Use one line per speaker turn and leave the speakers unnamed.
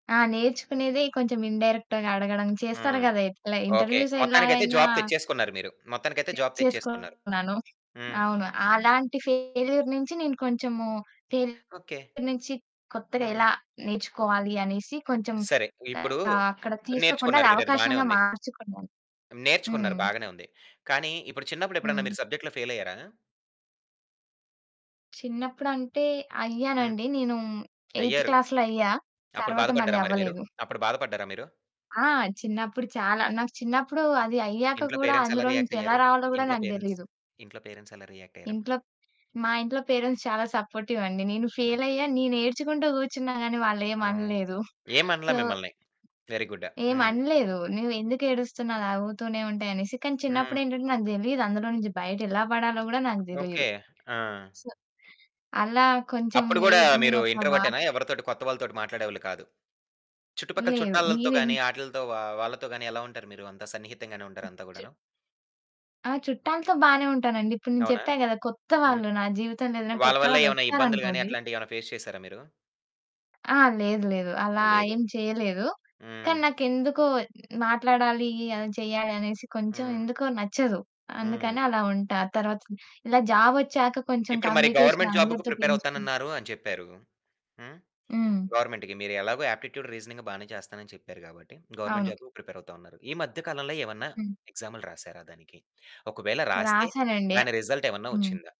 ఆ! నేర్చుకునేదే కొంచెం ఇన్‌డైరెక్ట్‌గా అడగడం చేస్తారు
హ్మ్.
గదా! ఎట్లా
ఓకే.
ఇంటర్వ్యూస్
మొత్తానికైతే
ఎలాగైనా...
జాబ్ తెచ్చేసుకున్నారు మీరు. మొత్తానికైతే జాబ్ తెచ్చేసుకున్నారు.
తెచేసుకున్నాను.
హ్మ్.
అవును. అలాంటి ఫెయిల్యూర్ నుంచి, నేను కొంచెము తెల్
ఓకే.
నుంచి కొత్తగా
హ్మ్.
ఎలా నేర్చుకోవాలి అనేసి కొంచెం
సరే. ఇప్పుడు
ఆహ్, అక్కడ తీసుకోకుండా అది
నేర్చుకున్నారు మీరు అది బానే
అవకాశంగా
ఉంది.
మార్చుకున్నాను.
నేర్చుకున్నారు
హ్మ్.
బాగానే ఉంది. కానీ, ఇప్పుడు చిన్నప్పుడు ఎప్పుడైనా
హ్మ్.
మీరు సబ్జెక్ట్‌లో ఫెయిలయ్యారా?
చిన్నప్పుడు అంటే
హ్మ్.
అయ్యానండి. నేను ఎయిత్
అయ్యారు.
క్లాస్‌లో అయ్యా.
అప్పుడు
తరువాత మళ్ళి
బాధపడ్డారా మరి మీరు?
అవ్వలేదు.
అప్పుడు బాధపడ్డారా మీరు?
ఆ! చిన్నప్పుడు చాలా, నాకు చిన్నప్పుడు అది అయ్యాక
ఇంట్లో
కూడా,
పేరెంట్స్ ఎలా
అందులోంచి
రియాక్ట్
ఎలా
అయ్యారు?
రావాలో కూడా
ఇంట్లో
నాకు
పేరెంట్స్?
దెలీదు.
ఇంట్లో పేరెంట్స్ ఎలా రియాక్ట్ అయ్యారప్పుడు?
ఇంట్లో, మా ఇంట్లో పేరెంట్స్ చాలా సపోర్టివండి. నేను ఫెయిలయ్య,
హుహు.
నేను ఏడ్చుకుంటా కూర్చున్నా గానీ, వాళ్ళేం
ఆ!
అనలేదు.
ఏమనల
సో
మిమ్మల్ని. వెరీ గుడ్డా.
ఏం
హ్మ్.
అనలేదు. "నువ్వు ఎందుకు ఏడుస్తున్నావు అది ఆవుతూనే ఉంటాయి," అనేసి. కానీ, చిన్నప్పుడు
హ్మ్.
ఏంటంటే, నాకు తెలిదు. అందులో నుంచి, బయట ఎలా పడాలో కూడా నాకు
ఓకే.
దెలీదు.
ఆ!
సో అలా కొంచెం
అప్పుడు
నే
కూడా, మీరు
నేనొక
ఇంట్రోవర్టు‌టేనా?
వారం
ఎవరితోటి కొత్తవాళ్ళతోటి మాట్లాడేవాళ్ళు కాదు. చుట్టుపక్కల
లేదు.
చుట్టాలతో
నేను ఇన్
గాని, ఆటిలతో వా వాళ్ళతో గాని ఎలా ఉంటారు మీరు? అంత సన్నిహితంగానే ఉంటారు అంతా
చ
కూడాను?
ఆ! చుట్టాలతో బాగానే ఉంటానండి. ఇప్పుడు నేను
అవునా!
చెప్పా కదా! కొత్త
హ్మ్.
వాళ్ళు నా జీవితంలో ఏదైనా
వాళ్ళ
కొత్త
వల్లే ఎవన్న ఇబ్బందులు గాని,
వాళ్లొచ్చారనుకోండి.
అట్లాంటివి ఏమన్నా ఫేస్ చేసారా మీరు?
ఆ! లేదు. లేదు అలా
లేదు.
ఏం చేయలేదు. కానీ,
హ్మ్.
నాకెందుకో మాట్లాడాలి, ఏమైనా చేయాలి అనేసి కొంచెం
హ్మ్.
ఎందుకో నచ్చదు.
హ్మ్.
అందుకని అలా ఉంటా. తరువాత ఇలా జాబొచ్చాక కొంచెం
ఇప్పుడు మరి
కమ్యూనికేషన్
గవర్నమెంట్ జాబు‌కు
అందరితో పెంచుకున్
ప్రిపేరవుతానన్నారు అని చెప్పారు. హ్మ్?
హ్మ్.
గవర్నమెంట్‌కి. మీరు ఎలాగో ఆప్టిట్యూడ్, రీజనింగ్ బానే చేస్తాన‌ని చెప్పారు గాబట్టి, గవర్నమెంట్
అవును.
జాబు ప్రిపేరవుతా ఉన్నారు. ఈ మధ్య కాలంలో ఏవన్న
హ్మ్.
ఎక్సామ్లు రాసారా దానికి? ఒకవేళ రాస్తే,
రాసానండి.
దాని రిజల్ట్ ఏవన్న
హ్మ్.
వచ్చిందా?